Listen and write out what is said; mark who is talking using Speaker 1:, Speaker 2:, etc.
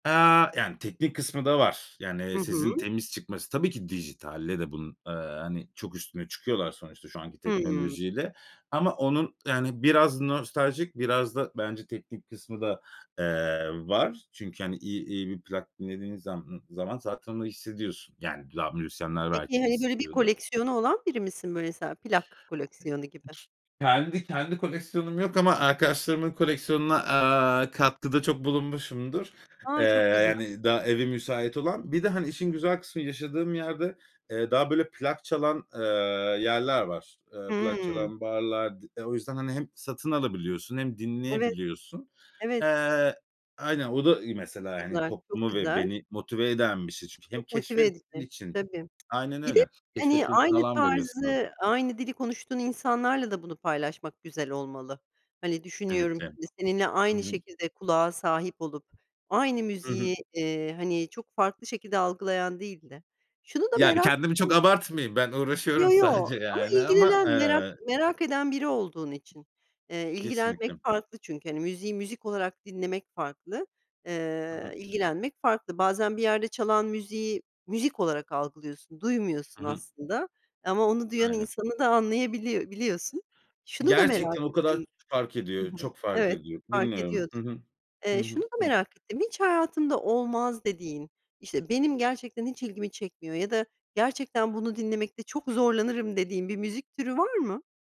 Speaker 1: Eee, yani, teknik kısmı da var.
Speaker 2: Hı
Speaker 1: Yani, sesin
Speaker 2: hı.
Speaker 1: temiz çıkması. Tabii ki, dijitalle de bunun, eee, hani, çok üstüne çıkıyorlar sonuçta, şu anki
Speaker 2: Hımm.
Speaker 1: teknolojiyle. Ama onun, yani biraz nostaljik, biraz da bence teknik kısmı da, eee, var. Çünkü hani, i iyi bir plak dinlediğin zam ımm, zaman, zaten onu hissediyorsun. Yani, da müzisyenler
Speaker 2: Peki,
Speaker 1: belki
Speaker 2: hani böyle bir
Speaker 1: hissediyordur.
Speaker 2: koleksiyonu olan biri misin, böyle, mesela plak
Speaker 1: E, ç
Speaker 2: koleksiyonu gibi?
Speaker 1: kendi, kendi koleksiyonum yok, ama arkadaşlarımın koleksiyonuna, aaa, katkıda çok bulunmuşumdur. Eee,
Speaker 2: A çok güzel.
Speaker 1: yani daha evi müsait olan. Bir de, hani, işin güzel kısmı yaşadığım yerde, eee, daha, böyle plak çalan, eee, yerler var. Eee, plak
Speaker 2: Hımm.
Speaker 1: çalan barlar. D o yüzden, hani, hem satın alabiliyorsun, hem
Speaker 2: Evet,
Speaker 1: dinleyebiliyorsun.
Speaker 2: evet.
Speaker 1: Eee, aynen, o da iyi
Speaker 2: Çok
Speaker 1: mesela, hani,
Speaker 2: güzel, çok
Speaker 1: toplumu ve
Speaker 2: güzel.
Speaker 1: beni motive eden bir şey. Çünkü hem
Speaker 2: Çok motive
Speaker 1: keşfetmen
Speaker 2: edici,
Speaker 1: için
Speaker 2: tabii.
Speaker 1: Aynen
Speaker 2: Bir de,
Speaker 1: öyle.
Speaker 2: hani,
Speaker 1: Keşfetmen için
Speaker 2: aynı
Speaker 1: alan veriyor sana.
Speaker 2: tarzı, aynı dili konuştuğun insanlarla da bunu paylaşmak, güzel olmalı. Hani, düşünüyorum
Speaker 1: Kesinlikle,
Speaker 2: şimdi, seninle
Speaker 1: hı
Speaker 2: aynı
Speaker 1: hı.
Speaker 2: şekilde kulağa sahip olup, aynı
Speaker 1: Hı hı.
Speaker 2: müziği, eee, hani, çok farklı şekilde algılayan değil de şunu da
Speaker 1: Yani,
Speaker 2: merak
Speaker 1: kendimi çok
Speaker 2: ettim.
Speaker 1: abartmayayım, ben uğraşıyorum
Speaker 2: Yo, yo,
Speaker 1: sadece
Speaker 2: ama
Speaker 1: yani, ama,
Speaker 2: ilgilenen, merak
Speaker 1: eee
Speaker 2: merak eden biri olduğun için. Eee, ilgilenmek
Speaker 1: Kesinlikle.
Speaker 2: farklı çünkü, hani, müziği müzik olarak dinlemek farklı,
Speaker 1: Hı
Speaker 2: eee,
Speaker 1: hı.
Speaker 2: ilgilenmek farklı. Bazen bir yerde çalan müziği, müzik olarak algılıyorsun,
Speaker 1: Hı
Speaker 2: duymuyorsun
Speaker 1: hı.
Speaker 2: aslında, ama onu duyan
Speaker 1: Aynen.
Speaker 2: insanı da anlayabiliy biliyorsun. Şunu da merak
Speaker 1: Gerçekten o kadar ç
Speaker 2: ettim.
Speaker 1: fark
Speaker 2: Hı
Speaker 1: ediyor,
Speaker 2: hı
Speaker 1: çok fark
Speaker 2: Evet,
Speaker 1: ediyor.
Speaker 2: fark
Speaker 1: Dinliyorum.
Speaker 2: ediyordur.
Speaker 1: Hı hı. Hı
Speaker 2: Eee, şunu
Speaker 1: hı.
Speaker 2: da
Speaker 1: Hı hı.
Speaker 2: merak ettim. Hiç hayatında olmaz dediğin, işte, benim gerçekten hiç ilgimi çekmiyor, ya da gerçekten bunu dinlemekte çok zorlanırım dediğin bir müzik türü var mı?